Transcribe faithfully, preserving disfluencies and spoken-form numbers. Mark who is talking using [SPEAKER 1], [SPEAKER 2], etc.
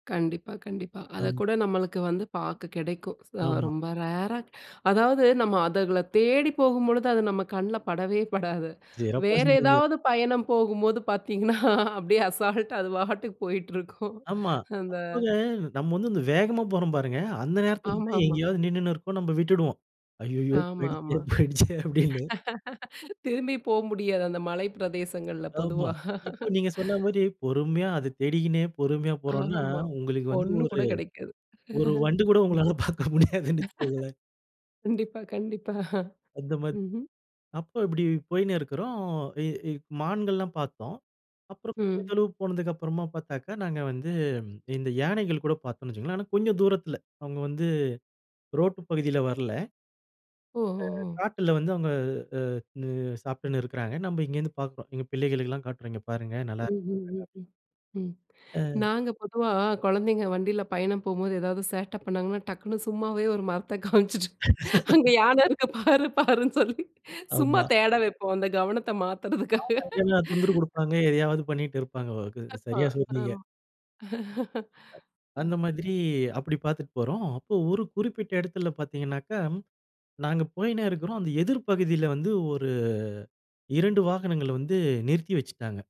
[SPEAKER 1] கண்டிப்பா, கண்டிப்பா.
[SPEAKER 2] ரம்
[SPEAKER 1] அதக்கூட நம்மளுக்கு வந்து பார்க்க கிடைக்கும். ச
[SPEAKER 2] ஆமா.
[SPEAKER 1] ரொம்ப ரேரா அதாவது நம்ம அதுகள தேடி போகும்பொழுது அது நம்ம கண்ல படவே படாது!
[SPEAKER 2] சிறப்பா
[SPEAKER 1] வேற
[SPEAKER 2] சொன்னீங்க.
[SPEAKER 1] ஏதாவது பயணம் போகும்போது பார்த்தீங்கன்னா, அப்டியே அசால்டா அது பாட்டுக்கு போயிட்டிருக்கும்.
[SPEAKER 2] ஆமா.
[SPEAKER 1] அந்த
[SPEAKER 2] அதுப்போக நம்ம வந்து வேகமா போறோம் பாருங்க. அந்த நேரத்தில தான்
[SPEAKER 1] ஆமாமா.
[SPEAKER 2] எங்கயாவது நின்னுனு இருக்கோம். நம்ப விட்டுடுவோம். "ஐய்யயோ! போய்டுச்சே,
[SPEAKER 1] ஆமாமா.
[SPEAKER 2] போய்டுச்சே!" அப்டின்னு.
[SPEAKER 1] திரும்பி போ முடியாது அந்த மலை பிரதேசங்கள்ல.
[SPEAKER 2] ஆமா.
[SPEAKER 1] பொதுவா.
[SPEAKER 2] இப்ப நீங்க சொன்ன மாரி பொறுமையா, அத தேடிகினே, பொறுமையா போறோம்னா,
[SPEAKER 1] ஆமா.
[SPEAKER 2] உங்களுக்கு வந்து
[SPEAKER 1] ஒண்ணு கூட
[SPEAKER 2] ஒரு
[SPEAKER 1] கெடைக்காது.
[SPEAKER 2] ஒரு
[SPEAKER 1] ம்.
[SPEAKER 2] வண்டு கூட உங்களால பார்க்க முடியாதுன்னு வச்சுக்கோங்களேன்!
[SPEAKER 1] கண்டிப்பா, கண்டிப்பா
[SPEAKER 2] அந்த மாரி
[SPEAKER 1] ம்ஹ்ம்.
[SPEAKER 2] அப்ப இப்டி போயினு இருக்குறோம். இ இ மான்கள்லாம் பார்த்தோம். அப்புறம் கொஞ்சம்
[SPEAKER 1] ம்.
[SPEAKER 2] தொலவு போனதுக்கு அப்புறமா பார்த்தாக்கா, நாங்க வந்து இந்த யானைகள் கூட பார்த்தோம்னு வச்சுக்கோங்களேன், ஆனா கொஞ்சம் தூரத்தில, அவங்க வந்து ரோட்டு பகுதில வரல.
[SPEAKER 1] ஓ,
[SPEAKER 2] அ
[SPEAKER 1] ஒ, ஓ!
[SPEAKER 2] காட்டுல வந்து அவங்க அ னு சாப்ட்டுனு இருக்குறாங்க. நம்ப இங்க இருந்து பார்க்குறோம். எங்க பிள்ளைகளுக்கு எல்லாம் காட்டுறோம். இங்க பாருங்க! நல்லா
[SPEAKER 1] ம்,
[SPEAKER 2] இருக்கும்,
[SPEAKER 1] ம்,
[SPEAKER 2] அழகா
[SPEAKER 1] ம்ஹ்ம். ம்.
[SPEAKER 2] அ.
[SPEAKER 1] நாங்க பொதுவா, குழந்தைங்க வண்டில பயணம் போம்போது, ஏதாவது சேட்ட பண்ணாங்கன்னா, டக்குனு சும்மாவே ஒரு மரத்த காமிச்சிட்டு, அங்க யானை இருக்கு பாரு, பாருன்னு சொல்லி, சும்மா
[SPEAKER 2] ஆமா.
[SPEAKER 1] தேட வெப்போம்! அந்த கவனத்த மாத்தறதுக்காக!
[SPEAKER 2] ஆமா, இல்லன்னா தொந்தரவு கொடுப்பாங்க. எதையாவது பண்ணிட்டு இருப்பாங்க. வ கு
[SPEAKER 1] ஆமா.
[SPEAKER 2] சரியா
[SPEAKER 1] அ,
[SPEAKER 2] சொன்னீங்க.
[SPEAKER 1] ம்.
[SPEAKER 2] அ
[SPEAKER 1] ம்.
[SPEAKER 2] அந்த மாதிரி அப்டி பார்த்துட்டு போறோம். அப்போ ஒரு குறிப்பிட்ட இடத்தில பார்த்தீங்கன்னாக்கா, நாங்க போய்யினே இருக்கிறோம். அந்த எதிர் பகுதில வந்து ஒரு, இரண்டு வாகனங்கள வந்து நிறுத்தி வெச்சுட்டாங்க.